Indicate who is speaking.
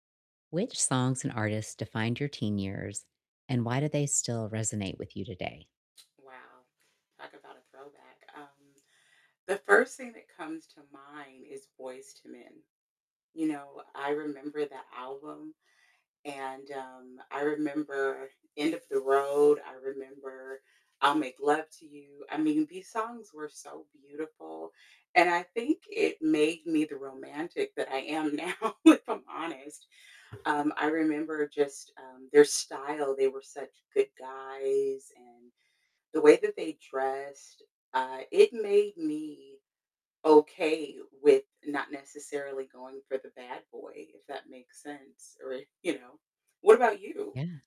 Speaker 1: Which songs and artists defined your teen years, and why do they still resonate with you today?
Speaker 2: Wow. Talk about a throwback. Um, the first thing that comes to mind is Boyz II Men. You know, I remember that album, and, um, I remember End Of The Road. I remember I'll Make Love To You. I mean, these songs were so beautiful, and I think it made me the romantic that I am now, if I'm honest. Um, I remember just, um, their style. They were such good guys, and the way that they dressed, I it made me okay with not necessarily going for the bad boy, if that makes sense, or you know? What about you?
Speaker 1: Yeah.